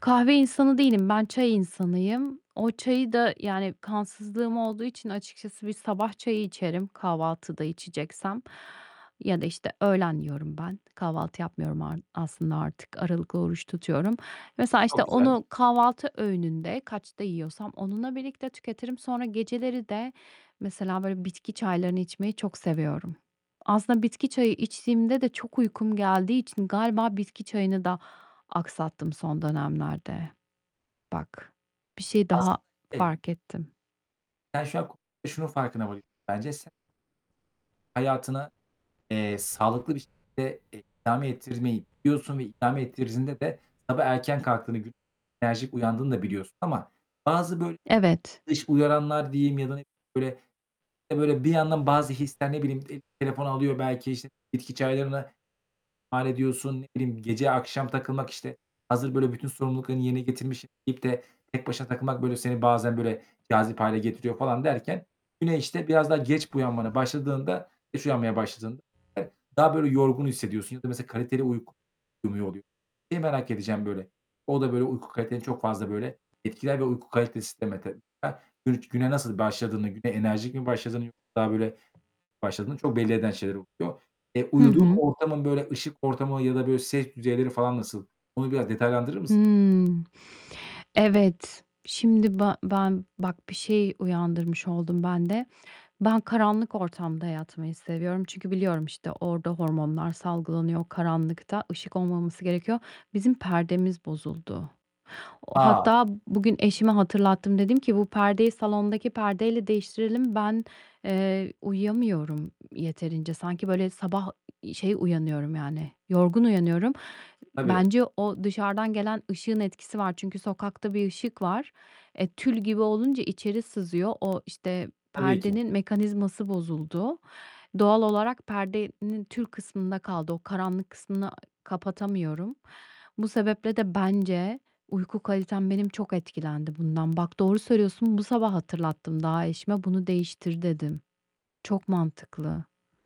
Kahve insanı değilim. Ben çay insanıyım. O çayı da yani, kansızlığım olduğu için açıkçası bir sabah çayı içerim, kahvaltıda içeceksem ya da, işte, öğlen yiyorum ben. Kahvaltı yapmıyorum ar aslında artık. Aralıklı oruç tutuyorum. Mesela, işte, Çok güzel. onu kahvaltı öğününde kaçta yiyorsam onunla birlikte tüketirim. Sonra geceleri de mesela böyle bitki çaylarını içmeyi çok seviyorum. Aslında bitki çayı içtiğimde de çok uykum geldiği için galiba bitki çayını da aksattım son dönemlerde. Bak, bir şey daha Aslında şey fark ettim. Ben şu an k şunun farkına varıyorum: Bence sen hayatına, eee, sağlıklı bir şekilde, eee, idame ettirmeyi biliyorsun ve idame ettirdiğinde de sabah erken kalktığını, güne enerjik uyandığını da biliyorsun ama bazı böyle Evet. dış uyaranlar diyeyim ya da ne bileyim bir yandan bazı hisler ne bileyim telefon alıyor belki, işte, bitki çaylarına hallediyorsun, ne bileyim gece akşam takılmak, işte, hazır böyle bütün sorumluluklarını yerine getirmişim, deyip de tek başına takılmak. Böyle, seni bazen, böyle, cazip hâle getiriyor falan derken yine, işte, biraz daha geç buyanmaya başladığında geç uyanmaya başladığında daha böyle yorgun hissediyorsun ya da mesela kaliteli uyku uyumuyor, oluyor. Seni merak edeceğim böyle. O da böyle uyku kaliteni çok fazla, böyle, etkiler ve uyku kalitesi sistemi. [unintelligible] Ben gün güne nasıl başladığını, güne enerjik mi başladığını yoksa daha böyle başladığını çok belli eden şeyler oluyor. E, Hı uyuduğun hı. ortamın, böyle, ışık ortamı ya da, böyle, ses düzeyleri falan nasıl? Bunu biraz detaylandırır mısın? Hımm, evet, şimdi ba ben bak, bir şey uyandırmış oldun ben de. Ben karanlık ortamda yatmayı seviyorum, çünkü biliyorum, işte, orada hormonlar salgılanıyor karanlıkta, ışık olmaması gerekiyor. Bizim perdemiz bozuldu. O A! Hatta bugün eşime hatırlattım, dedim ki, bu perdeyi salondaki perdeyle değiştirelim. Ben, eee, uyuyamıyorum yeterince. Sanki böyle sabah, ııı, şey uyanıyorum, yani yorgun uyanıyorum. Tabii. Bence o dışarıdan gelen ışığın etkisi var. Çünkü sokakta bir ışık var. E, tül gibi olunca içeri sızıyor. O, işte, Tabii ki. perdenin mekanizması bozuldu. Doğal olarak perdenin tül kısmında kaldı. O karanlık kısmını, ııı, kapatamıyorum. Bu sebeple de, bence uyku kalitem benim çok etkilendi bundan. Bak, doğru söylüyorsun, bu sabah hatırlattım daha eşime, bunu değiştir, dedim. Çok mantıklı.